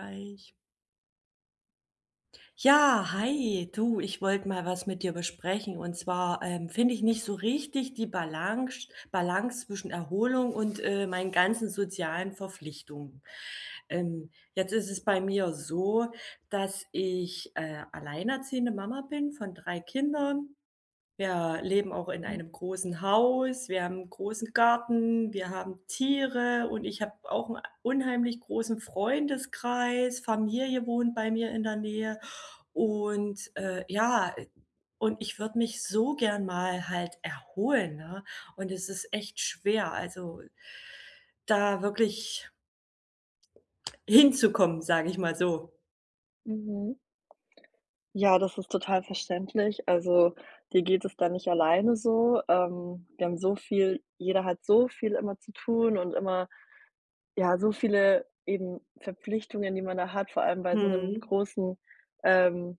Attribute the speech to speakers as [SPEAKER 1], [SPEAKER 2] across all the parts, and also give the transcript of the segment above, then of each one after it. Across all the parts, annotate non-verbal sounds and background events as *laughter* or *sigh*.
[SPEAKER 1] eich. Ja, hi. Du, ich wollte mal was mit dir besprechen. Und zwar, ähm, finde ich nicht so richtig die Balance Balance zwischen Erholung und, äh, meinen ganzen sozialen Verpflichtungen. Ähm, jetzt ist es bei mir so, dass ich, äh, alleinerziehende Mama bin von 3 Kindern. Wir leben auch in
[SPEAKER 2] Mhm.
[SPEAKER 1] einem großen Haus, wir haben 'n großen Garten, wir haben Tiere und ich habe auch 'n unheimlich großen Freundeskreis. Familie wohnt bei mir in der Nähe und, äh, ja, ä und ich würde mich so gern mal halt erholen, ne? Und es ist echt schwer, also, da wirklich hinzukommen, sage ich mal so.
[SPEAKER 2] Mhm. Ja, das ist total verständlich. Also, dir geht es da nicht alleine so. Ähm, wir haben so viel jeder hat so viel immer zu tun und immer, ja, so viele eben Verpflichtungen, die man da hat, vor allem bei so 'nem
[SPEAKER 1] Mhm.
[SPEAKER 2] großen ähm,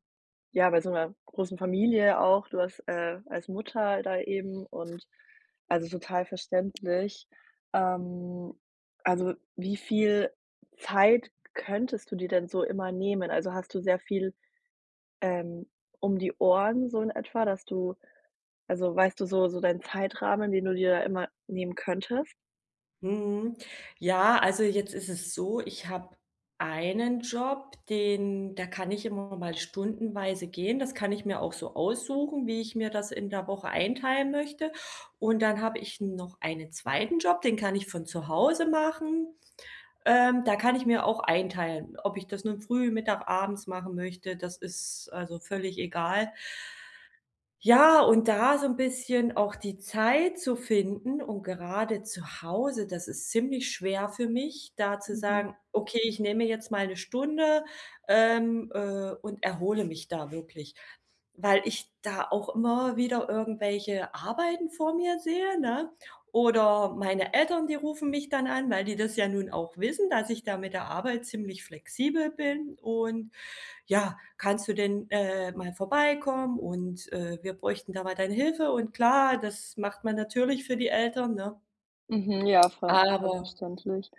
[SPEAKER 2] ja, bei so 'ner großen Familie auch. Du hast, äh, als Mutter da eben und also, total verständlich. Ähm, also, wie viel Zeit könntest du dir denn so immer nehmen? Also, hast du sehr viel, ähm, um die Ohren so in etwa, dass du also, weißt du so so deinen Zeitrahmen, den du dir immer nehmen könntest?
[SPEAKER 1] Mhm. Ja, also jetzt ist es so, ich habe einen Job, den da kann ich immer mal stundenweise gehen, das kann ich mir auch so aussuchen, wie ich mir das in der Woche einteilen möchte. Und dann habe ich noch einen 2. Job, den kann ich von zu Hause machen. Ähm, da kann ich mir auch einteilen, ob ich das nun früh, mittag, abends machen möchte, das ist also völlig egal. Ja, und da so 'n bisschen auch die Zeit zu finden und gerade zu Hause, das ist ziemlich schwer für mich, da zu
[SPEAKER 2] Mhm.
[SPEAKER 1] sagen: „Okay, ich nehme jetzt mal 'ne Stunde, ähm, äh, und erhole mich da wirklich." Weil ich da auch immer wieder irgendwelche Arbeiten vor mir sehe, ne, oder meine Eltern, die rufen mich dann an, weil die das ja nun auch wissen, dass ich da mit der Arbeit ziemlich flexibel bin. Und ja: „Kannst du denn, äh, mal vorbeikommen, und, äh, wir bräuchten da mal deine Hilfe", und klar, das macht man natürlich für die Eltern, ne?
[SPEAKER 2] Mhm, ja, voll voll
[SPEAKER 1] Aber
[SPEAKER 2] verständlich.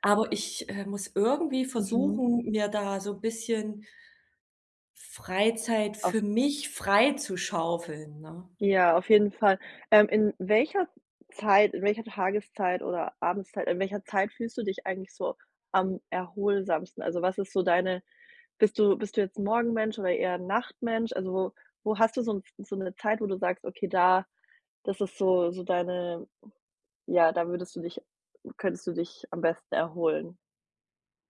[SPEAKER 1] aber ich, äh, muss irgendwie
[SPEAKER 2] Mhm.
[SPEAKER 1] versuchen, mir da so bisschen Freizeit
[SPEAKER 2] Auf
[SPEAKER 1] für mich freizuschaufeln, ne?
[SPEAKER 2] Ja, auf jeden Fall. Ähm, in welcher Zeit in welcher Tageszeit oder Abendzeit, in welcher Zeit fühlst du dich eigentlich so am erholsamsten? Also, was ist so deine bist du bist du jetzt 'n Morgenmensch oder eher 'n Nachtmensch? Also, wo hast du so 'n so 'ne Zeit, wo du sagst, okay, da das ist so so deine ja, da würdest du dich könntest du dich am besten erholen?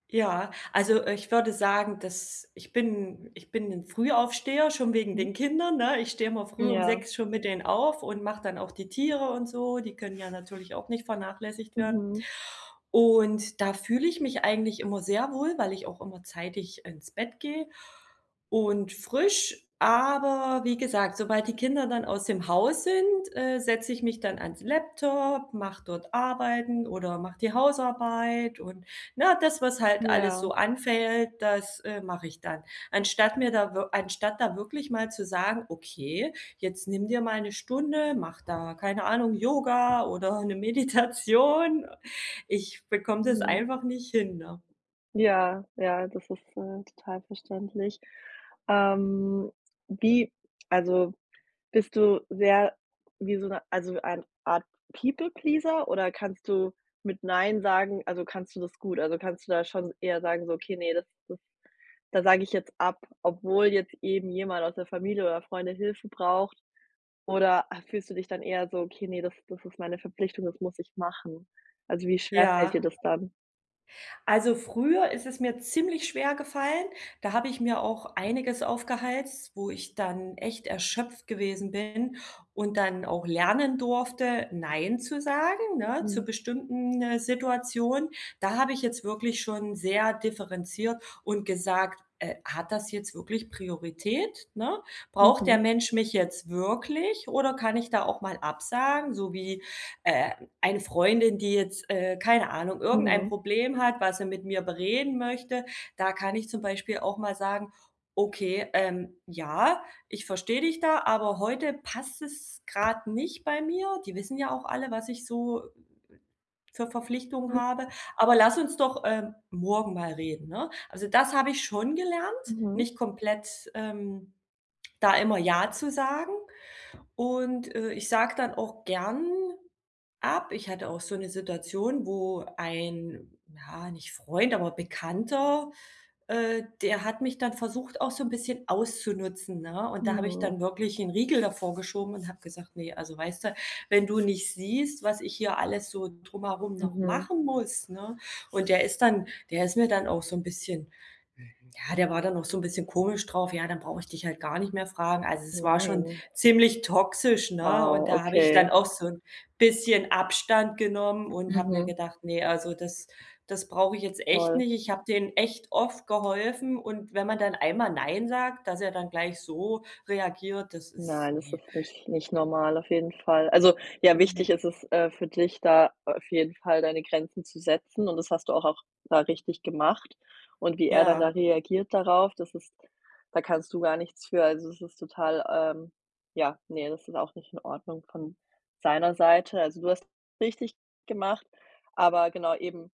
[SPEAKER 1] Ja, also, äh, ich würde sagen, dass ich bin ich bin 'n Frühaufsteher schon wegen
[SPEAKER 2] Mhm.
[SPEAKER 1] den Kindern, ne? Ich stehe immer früh um
[SPEAKER 2] Ja.
[SPEAKER 1] 6:00 schon mit denen auf und mache dann auch die Tiere und so. Die können ja natürlich auch nicht vernachlässigt werden.
[SPEAKER 2] Mhm.
[SPEAKER 1] Und da fühle ich mich eigentlich immer sehr wohl, weil ich auch immer zeitig ins Bett gehe und frisch. Aber, wie gesagt, sobald die Kinder dann aus dem Haus sind, äh, setze ich mich dann ans Laptop, mache dort Arbeiten oder mache die Hausarbeit und, ne, das, was halt alles so
[SPEAKER 2] Ja.
[SPEAKER 1] anfällt, das, äh, mache ich dann. Anstatt mir da wir anstatt da wirklich mal zu sagen: „Okay, jetzt nimm dir mal 'ne Stunde, mach da, keine Ahnung, Yoga oder 'ne Meditation.“ Ich bekomme das
[SPEAKER 2] Mhm.
[SPEAKER 1] einfach nicht hin, ne?
[SPEAKER 2] Ja ja, das ist, äh, total verständlich. Ähm, wie also, bist du sehr wie so 'ne also, eine Art People Pleaser oder kannst du mit Neinsagen also, kannst du das gut? Also, kannst du da schon eher sagen so: „Okay, ne, das das, da sage ich jetzt ab“, obwohl jetzt eben jemand aus der Familie oder Freunde Hilfe braucht? Oder fühlst du dich dann eher so: „Okay, ne, das das ist meine Verpflichtung, das muss ich machen“? Also, wie schwer fällt dir
[SPEAKER 1] Ja.
[SPEAKER 2] das dann?
[SPEAKER 1] Also, früher ist es mir ziemlich schwergefallen. Da habe ich mir auch einiges aufgehalst, wo ich dann echt erschöpft gewesen bin und dann auch lernen durfte, nein zu sagen, ne, zu
[SPEAKER 2] Mhm.
[SPEAKER 1] bestimmten, äh, Situationen. Da habe ich jetzt wirklich schon sehr differenziert und gesagt: „Äh, hat das jetzt wirklich Priorität, ne? Braucht der
[SPEAKER 2] Mhm.
[SPEAKER 1] Mensch mich jetzt wirklich oder kann ich da auch mal absagen?“ So wie, äh, eine Freundin, die jetzt, äh, keine Ahnung, irgendein
[SPEAKER 2] Mhm.
[SPEAKER 1] Problem hat, was sie mit mir bereden möchte. Da kann ich zum Beispiel auch mal sagen: „Okay, ähm, ja, ich verstehe dich da, aber heute passt es grade nicht bei mir.“ Die wissen ja auch alle, was ich so w w w für Verpflichtungen
[SPEAKER 2] Hm.
[SPEAKER 1] habe. „Aber lass uns doch, ähm, morgen mal reden, ne?“ Also, das habe ich schon gelernt,
[SPEAKER 2] Mhm.
[SPEAKER 1] nicht komplett, ähm, da immer ja zu sagen. Und, äh, ich sage dann auch gern ab. Ich hatte auch so 'ne Situation, wo ein ja, nicht Freund, aber Bekannter, äh, der hat mich dann versucht, auch so 'n bisschen auszunutzen, ne? Und da habe ich
[SPEAKER 2] Mhm.
[SPEAKER 1] dann wirklich 'n Riegel davor geschoben und habe gesagt: „Ne, also, weißt du, wenn du nicht siehst, was ich hier alles so drumherum noch
[SPEAKER 2] Mhm.
[SPEAKER 1] machen muss, ne?“ Und der ist dann der ist mir dann auch so 'n bisschen ja, der war dann auch so 'n bisschen komisch drauf. „Ja, dann brauche ich dich halt gar nicht mehr fragen.“ Also, es war schon
[SPEAKER 2] Nein.
[SPEAKER 1] ziemlich toxisch, ne? Und
[SPEAKER 2] Wow,
[SPEAKER 1] da habe ich
[SPEAKER 2] okay.
[SPEAKER 1] dann auch so 'n bisschen Abstand genommen und habe mir
[SPEAKER 2] Mhm.
[SPEAKER 1] gedacht: „Ne, also, das das brauche ich jetzt echt
[SPEAKER 2] Voll.
[SPEAKER 1] nicht.“ Ich habe dem echt oft geholfen, und wenn man dann einmal nein sagt, dass er dann gleich so reagiert, das ist
[SPEAKER 2] Nein, das
[SPEAKER 1] ne.
[SPEAKER 2] ist nicht nicht normal auf jeden Fall. Also, ja, wichtig
[SPEAKER 1] Ne.
[SPEAKER 2] ist es, äh, für dich, da auf jeden Fall deine Grenzen zu setzen, und das hast du auch auch da richtig gemacht. Und wie er dann da
[SPEAKER 1] Ja.
[SPEAKER 2] reagiert darauf, das ist da kannst du gar nichts für. Also, es ist total ähm, ja, ne, das ist auch nicht in Ordnung von seiner Seite. Also, du hast es richtig gemacht, aber genau eben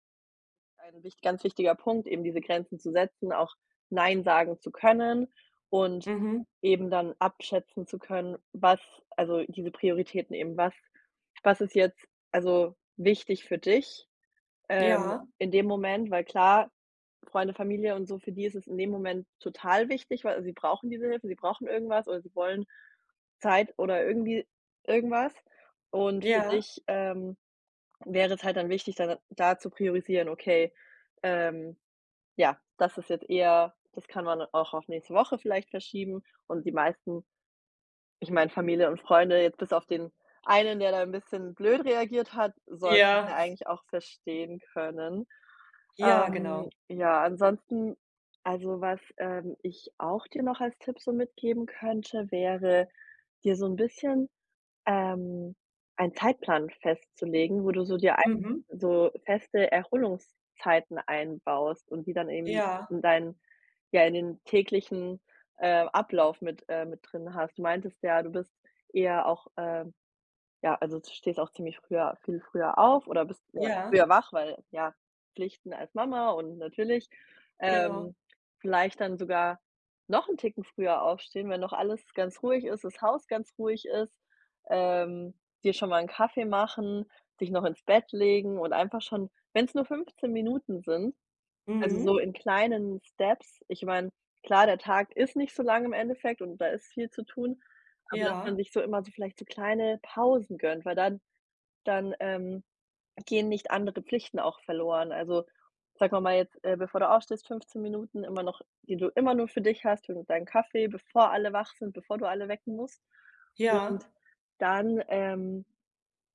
[SPEAKER 2] ein wich ganz wichtiger Punkt, eben diese Grenzen zu setzen, auch nein sagen zu können und
[SPEAKER 1] Mhm.
[SPEAKER 2] eben dann abschätzen zu können, was also, diese Prioritäten eben, was was ist jetzt also wichtig für dich, ähm,
[SPEAKER 1] Ja.
[SPEAKER 2] in dem Moment? Weil klar, Freunde, Familie und so, für die ist es in dem Moment total wichtig, weil sie brauchen diese Hilfe, sie brauchen irgendwas oder sie wollen Zeit oder irgendwie irgendwas. Und für
[SPEAKER 1] Ja.
[SPEAKER 2] dich, ähm, wäre es halt dann wichtig, da dann da zu priorisieren: „Okay, ähm, ja, das ist jetzt eher das kann man auch auf nächste Woche vielleicht verschieben.“ Und die meisten, ich meine, Familie und Freunde jetzt bis auf den einen, der da 'n bisschen blöd reagiert hat, sollten's ja
[SPEAKER 1] Ja. *chuckles*
[SPEAKER 2] eigentlich auch verstehen können.
[SPEAKER 1] Ja,
[SPEAKER 2] Ähm,
[SPEAKER 1] genau.
[SPEAKER 2] ja, ansonsten, also, was, ähm, ich auch dir noch als Tipp so mitgeben könnte, wäre, dir so 'n bisschen, ähm, einen Zeitplan festzulegen, wo du so dir ei
[SPEAKER 1] Mhm.
[SPEAKER 2] so feste Erholungszeiten einbaust und die dann eben
[SPEAKER 1] Ja.
[SPEAKER 2] in dein ja, in den täglichen, äh, Ablauf mit äh, mit drin hast. Du meintest ja, du bist eher auch ähm, ja, also, du stehst auch ziemlich früher viel früher auf oder bist früher
[SPEAKER 1] Ja.
[SPEAKER 2] früher wach, weil, ja, Pflichten als Mama, und natürlich,
[SPEAKER 1] Genau.
[SPEAKER 2] ähm, vielleicht dann sogar noch 'n Ticken früher aufstehen, wenn noch alles ganz ruhig ist, das Haus ganz ruhig ist, ähm, dir schon mal 'n Kaffee machen, dich noch ins Bett legen und einfach schon, wenn's nur 15 Minuten sind, also, so
[SPEAKER 1] Mhm.
[SPEAKER 2] in kleinen Steps. Ich meine, klar, der Tag ist nicht so lang im Endeffekt, und da ist viel zu tun, aber dass man
[SPEAKER 1] Ja.
[SPEAKER 2] sich so immer so vielleicht so kleine Pausen gönnt, weil dann dann, ähm, gehen nicht andere Pflichten auch verloren. Also, sagen wir mal jetzt, äh, bevor du aufstehst, 15 Minuten immer noch, die du immer nur für dich hast. Hol dir deinen Kaffee, bevor alle wach sind, bevor du alle wecken musst. Und
[SPEAKER 1] Ja.
[SPEAKER 2] dann, ähm,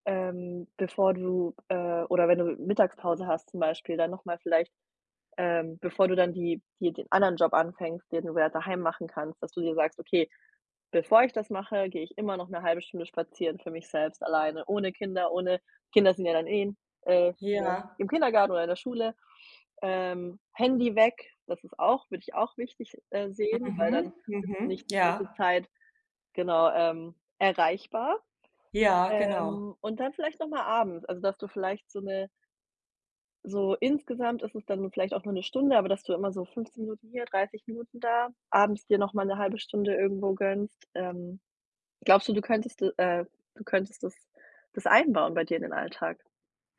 [SPEAKER 2] ähm, bevor du, äh, oder wenn du Mittagspause hast, zum Beispiel, da noch mal vielleicht, ähm, bevor du dann die die den anderen Job anfängst, den du ja daheim machen kannst, dass du dir sagst: „Okay, bevor ich das mache, gehe ich immer noch 'ne 1/2 Stunde spazieren für mich selbst alleine, ohne Kinder.“ Ohne Kinder sind ja dann eh, äh, ne,
[SPEAKER 1] Ja.
[SPEAKER 2] im Kindergarten oder in der Schule. Ähm, Handy weg. Das ist auch würde ich auch wichtig, äh, sehen, weil
[SPEAKER 1] Mhm,
[SPEAKER 2] dann bist du
[SPEAKER 1] mhm,
[SPEAKER 2] nicht die ganze
[SPEAKER 1] ja.
[SPEAKER 2] Zeit, genau, ähm, erreichbar.
[SPEAKER 1] Ja, genau.
[SPEAKER 2] Ähm, und dann vielleicht noch mal abends. Also, dass du vielleicht so 'ne So insgesamt ist es dann vielleicht auch nur 'ne Stunde, aber dass du immer so 15 Minuten hier, 30 Minuten da, abends dir noch mal 'ne 1/2 Stunde irgendwo gönnst. Ähm, glaubst du, du könntest äh, du könntest das das einbauen bei dir in den Alltag?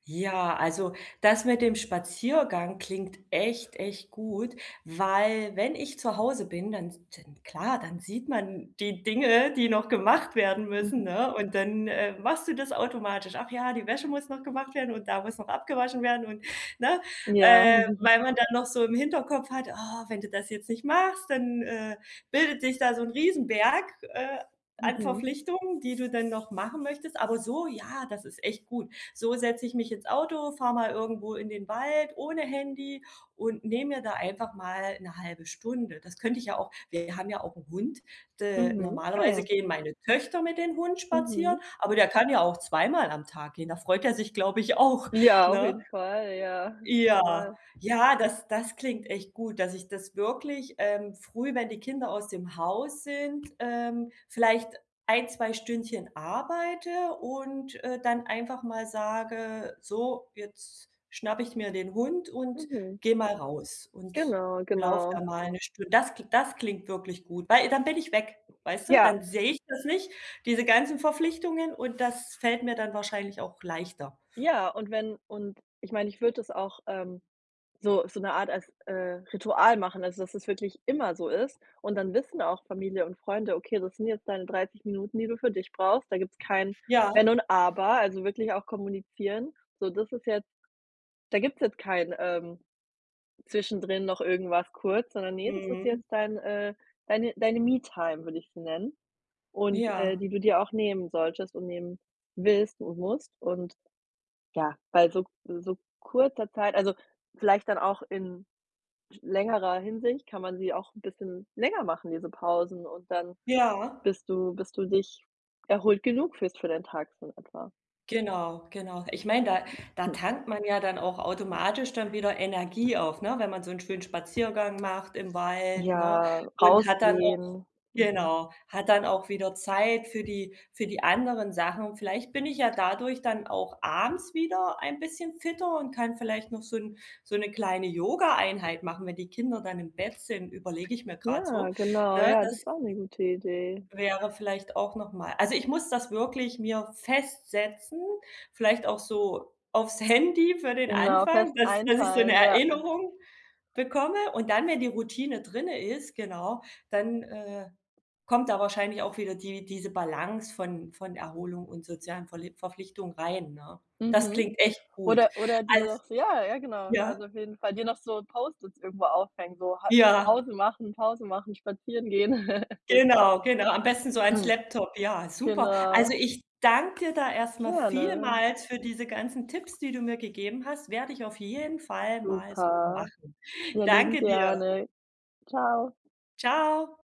[SPEAKER 1] Ja, also, das mit dem Spaziergang klingt echt, echt gut, weil wenn ich zu Hause bin, dann dann klar, dann sieht man die Dinge, die noch gemacht werden
[SPEAKER 2] Mhm.
[SPEAKER 1] müssen, ne? Und dann, äh, machst du das automatisch. Ach ja, die Wäsche muss noch gemacht werden und da muss noch abgewaschen werden und ne?
[SPEAKER 2] Ja.
[SPEAKER 1] Äh,
[SPEAKER 2] *chuckles*
[SPEAKER 1] weil man dann noch so im Hinterkopf hat, ah, wenn du das jetzt nicht machst, dann, äh, bildet sich da so 'n Riesenberg, äh, an
[SPEAKER 2] Mhm.
[SPEAKER 1] Verpflichtungen, die du dann noch machen möchtest. Aber so ja, das ist echt gut. So setze ich mich ins Auto, fahre mal irgendwo in den Wald ohne Handy und nehme mir da einfach mal 'ne 1/2 Stunde. Das könnte ich ja auch. Wir haben ja auch 'n Hund, äh,
[SPEAKER 2] Mhm, ah,
[SPEAKER 1] normalerweise
[SPEAKER 2] ja.
[SPEAKER 1] gehen meine Töchter mit den Hund spazieren,
[SPEAKER 2] Mhm.
[SPEAKER 1] aber der kann ja auch zweimal am Tag gehen. Da freut er sich, glaube ich, auch,
[SPEAKER 2] Ja, auf
[SPEAKER 1] ne?
[SPEAKER 2] jeden Fall, ja,
[SPEAKER 1] Ja.
[SPEAKER 2] total.
[SPEAKER 1] Ja, das das klingt echt gut, dass ich das wirklich, ähm, früh, wenn die Kinder aus dem Haus sind ähm, vielleicht ein, 2 Stündchen arbeite und, äh, dann einfach mal sage: „So, jetzt schnapp ich mir den Hund und
[SPEAKER 2] Mhm.
[SPEAKER 1] gehe mal raus und
[SPEAKER 2] Genau,
[SPEAKER 1] laufe
[SPEAKER 2] genau.
[SPEAKER 1] da mal 'ne Stu.“ Das das klingt wirklich gut, weil dann bin ich weg. Weißt du?
[SPEAKER 2] Ja.
[SPEAKER 1] Dann sehe ich das nicht, diese ganzen Verpflichtungen und das fällt mir dann wahrscheinlich auch leichter.
[SPEAKER 2] Ja, und wenn und ich meine, ich würde es auch, ähm, so so 'ne Art als, äh, Ritual machen, also, dass es wirklich immer so ist. Und dann wissen auch Familie und Freunde, okay, das sind jetzt deine 30 Minuten, die du für dich brauchst. Da gibt's kein
[SPEAKER 1] Ja.
[SPEAKER 2] Wenn und Aber, also, wirklich auch kommunizieren. So, das ist jetzt da gibt's jetzt kein, ähm, zwischendrin noch irgendwas kurz, sondern, ne, das ist
[SPEAKER 1] Mhm.
[SPEAKER 2] jetzt dein, äh, deine deine Me-Time, würde ich sie nennen. Und, äh,
[SPEAKER 1] Ja.
[SPEAKER 2] die du dir auch nehmen solltest und nehmen willst und musst und, ja, bei so so kurzer Zeit also, vielleicht dann auch in längerer Hinsicht, kann man sie auch 'n bisschen länger machen, diese Pausen, und dann
[SPEAKER 1] Ja.
[SPEAKER 2] bist du bis du dich erholt genug fühlst für deinen Tag so in etwa.
[SPEAKER 1] Genau, genau. Ich meine, da da
[SPEAKER 2] *clears throat*
[SPEAKER 1] tankt man ja dann auch automatisch dann wieder Energie auf, ne, wenn man so 'n schönen Spaziergang macht im Wald, ne,
[SPEAKER 2] Ja,
[SPEAKER 1] und hat dann auch
[SPEAKER 2] rausgehen, mhm.
[SPEAKER 1] genau, hat dann auch wieder Zeit für die für die anderen Sachen. Vielleicht bin ich ja dadurch dann auch abends wieder ein bisschen fitter und kann vielleicht noch so 'n so 'ne kleine Yoga-Einheit machen, wenn die Kinder dann im Bett sind, überlege ich mir grad
[SPEAKER 2] Ja,
[SPEAKER 1] so,
[SPEAKER 2] genau,
[SPEAKER 1] ne,
[SPEAKER 2] ja, das
[SPEAKER 1] das
[SPEAKER 2] ist auch 'ne gute Idee.
[SPEAKER 1] wäre vielleicht auch noch mal also ich muss das wirklich mir festsetzen, vielleicht auch so aufs Handy für den
[SPEAKER 2] Genau,
[SPEAKER 1] Anfang,
[SPEAKER 2] fest
[SPEAKER 1] dass dass ich so 'ne
[SPEAKER 2] einteilen, ja.
[SPEAKER 1] Erinnerung bekomme und dann, wenn die Routine drinne ist genau, dann, äh, kommt da wahrscheinlich auch wieder die diese Balance von von Erholung und sozialen Verlie Verpflichtungen rein, ne? Das
[SPEAKER 2] Mhm.
[SPEAKER 1] klingt echt gut.
[SPEAKER 2] Oder oder dir
[SPEAKER 1] Als
[SPEAKER 2] noch ja, ja genau,
[SPEAKER 1] ja?
[SPEAKER 2] also auf jeden Fall dir noch so Post-its irgendwo aufhängen, so ha
[SPEAKER 1] Ja.
[SPEAKER 2] Pause machen, Pause machen, spazieren gehen. *laughs* Genau,
[SPEAKER 1] Genau, genau. Am besten so ans
[SPEAKER 2] *clears throat*
[SPEAKER 1] Laptop, ja, super.
[SPEAKER 2] genau.
[SPEAKER 1] Also, ich danke da erst mal
[SPEAKER 2] Gerne.
[SPEAKER 1] vielmals für diese ganzen Tipps, die du mir gegeben hast, werde ich auf jeden Fall mal so
[SPEAKER 2] Super.
[SPEAKER 1] machen.
[SPEAKER 2] Ja, liebend
[SPEAKER 1] Danke dir.
[SPEAKER 2] gerne. Ciao!
[SPEAKER 1] Ciao!